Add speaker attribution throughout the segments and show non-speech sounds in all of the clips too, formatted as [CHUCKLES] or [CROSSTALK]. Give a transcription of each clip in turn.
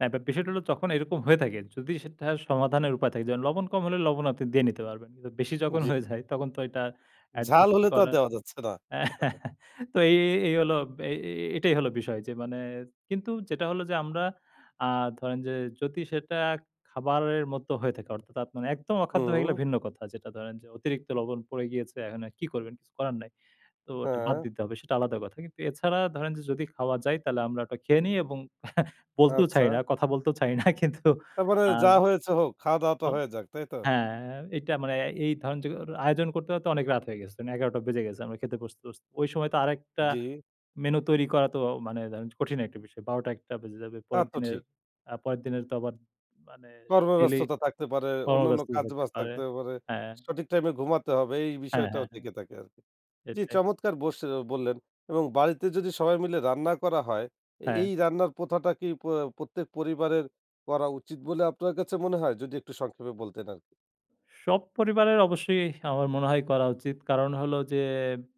Speaker 1: হ্যাঁ, বে বিষয়টা হলো তখন এরকম হয়ে থাকে, যদি সেটা সমাধানের উপায় থাকে। যেমন লবণ কম হলে, লবণ আপনি দিয়ে নিতে পারবেন। কিন্তু বেশি যখন
Speaker 2: জ্বী।
Speaker 1: হয়ে যায়, তখন তো এটা
Speaker 2: ঝাল
Speaker 1: অ্যাডজাস্ট
Speaker 2: হলে তো আর
Speaker 1: করা
Speaker 2: দেওয়া যাচ্ছে না। [CHUCKLES]
Speaker 1: [CHUCKLES] তো এই এই এই হলো এ এ এটাই হল বিষয় যে মানে, কিন্তু যেটা হলো যে আমরা আ ধরেন যে যদি সেটা খাবারের মতো হয়ে থাকে? অর্থাৎ আপনার একদম অখাদ্য হয়ে গেলে
Speaker 2: ও!
Speaker 1: ভিন্ন কথা। যেটা ধরেন যে অতিরিক্ত লবণ পড়ে গিয়েছে, এখন এ কী করবেন? কিছু করার নাই। তো ওটা বাদ
Speaker 2: হ্যাঁ।
Speaker 1: দিতে হবে। সেটা আলাদা কথা। কিন্তু এছাড়া ধরেন যে যদি খাওয়া যায়? তাহলে আমরা ওটা খেয়ে নেই এবং [CHUCKLES] বলতেও চাই
Speaker 2: আচ্ছা।
Speaker 1: না। কথা বলতেও চাই না কিন্তু
Speaker 2: তারপরে
Speaker 1: আ
Speaker 2: যা হয়েছে হোক, খাওয়া-দাওয়া তো
Speaker 1: অন
Speaker 2: হয়ে যাক। তাই তো?
Speaker 1: হ্যাঁ, এইটা মানে এই ধরেন জো আয়োজন করতে হয়তো অনেক রাত হয়ে গেছে। মানে ১১ টা বেজে গেছে, আমরা খেতে বসতে, বসতে। ঐ সময় তো আরেকটা
Speaker 2: জ্বী।
Speaker 1: মেনু তৈরি করা তো মানে ধরেন যে কঠিন একটা বিষয়। ১২ টা, ১ টা বেজে যাবে।
Speaker 2: তা
Speaker 1: পরের
Speaker 2: তো
Speaker 1: দিনের,
Speaker 2: ঠিক।
Speaker 1: আ পরের দিনের তো আবার মানে ডেইলি
Speaker 2: কর্মব্যস্ততা থাকতে পারে, অন্যান্য
Speaker 1: কর্মব্যস্ত থাকতে
Speaker 2: কাজ-বাজ
Speaker 1: পারে।
Speaker 2: থাকতে পারে।
Speaker 1: হ্যাঁ।
Speaker 2: সঠিক টাইম এ ঘুমাতে হবে, এই
Speaker 1: হ্যাঁ,
Speaker 2: বিষয়টাও
Speaker 1: হ্যাঁ, হ্যাঁ।
Speaker 2: থেকে থাকে আরকি। জ্বি,
Speaker 1: সেটাই।
Speaker 2: চমৎকার বসে বললেন এবং বাড়িতে যদি সবাই মিলে রান্না করা হয়?
Speaker 1: হ্যাঁ।
Speaker 2: এই রান্নার প্রথাটা কি প্র প্রত্যেক পরিবারের করা উচিত বলে আপনার কাছে মনে হয়, যদি একটু সংক্ষেপে বলতেন আরকি?
Speaker 1: সব পরিবারের অবশ্যই আমার মনে হয়, করা উচিত। কারণ হলো যে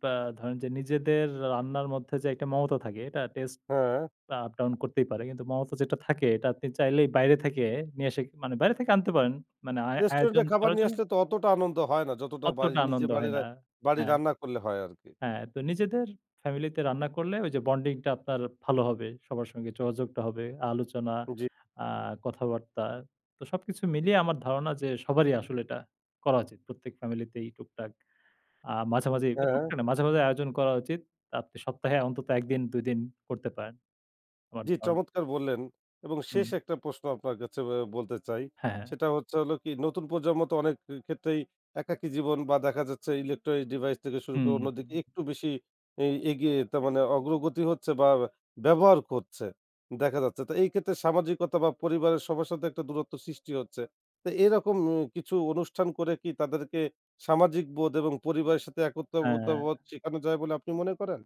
Speaker 1: ব্যা ধরেন যে, নিজেদের রান্নার মধ্যে যে একটা মমতা থাকে, এটা টেস্ট
Speaker 2: হ্যাঁ।
Speaker 1: আপ-ডাউন করতেই পারে। কিন্তু মমতা যেটা থাকে, এটা আপনি চাইলেই বাইরে থেকে নিয়ে এসে মানে, বাইরে থেকে আনতে পারেন, মানে আ
Speaker 2: রেস্টুরেন্ট
Speaker 1: আয়োজন
Speaker 2: এর খাবার
Speaker 1: করো
Speaker 2: নিয়ে
Speaker 1: জোন্য
Speaker 2: আসলে তো, অতটা আনন্দ হয় না। যতটা বায়ি
Speaker 1: অতটা
Speaker 2: নিজে
Speaker 1: আনন্দ
Speaker 2: বায়ি
Speaker 1: হয় না।
Speaker 2: বাড়ির
Speaker 1: হ্যাঁ।
Speaker 2: রান্না করলে হয় আরকি।
Speaker 1: হ্যাঁ, তো নিজেদের ফ্যামিলিতে রান্না করলে ওই যে, বন্ডিং টা আপনার ভালো হবে। সবার সঙ্গে যোগাযোগটা হবে, আলোচনা,
Speaker 2: জ্বী।
Speaker 1: আ কথাবার্তা। তো সবকিছু মিলিয়ে আমার ধারণা যে, সবারই আসলে এটা করা উচিত। প্রত্যেক ফ্যামিলি তেই টুকটাক। আ মাঝে, মাঝে
Speaker 2: হ্যাঁ।
Speaker 1: টুকটাক না, মাঝে, মাঝেই আয়োজন করা উচিত। আপনি সপ্তাহে অন্তত ১ দিন, ২ দিন করতে পারেন, আমার
Speaker 2: জ্বী,
Speaker 1: ধারণা।
Speaker 2: চমৎকার বললেন। এবং শেষ
Speaker 1: হুম।
Speaker 2: ১ টা প্রশ্ন আপনার কাছে অ্যা বলতে চাই।
Speaker 1: হ্যাঁ।
Speaker 2: সেটা হচ্ছে হলো কি? নতুন প্রজন্ম তো অনেক ক্ষে ক্ষেত্রেই একাকী জীবন বা দেখা যাচ্ছে ইলেকট্রনিক ডিভাইস থেকে শুরু
Speaker 1: হুম,
Speaker 2: করে, অন্যদিকে
Speaker 1: হুম।
Speaker 2: একটু বেশি এ এগিয়ে, তা মানে অগ্রগতি হচ্ছে বা ব্যবহার করছে, দেখা যাচ্ছে। তো এই ক্ষেত্রে সামাজিকতা বা পরিবারের সবার সাথে একটা দূরত্ব সৃষ্টি হচ্ছে। তো এরকম উম কিছু, অনুষ্ঠান করে কি, তাদেরকে সামাজিক বোধ এবং পরিবারের সাথে একত্রতা
Speaker 1: হ্যাঁ।
Speaker 2: বোধ, শেখানো যায় বলে আপনি মনে করেন?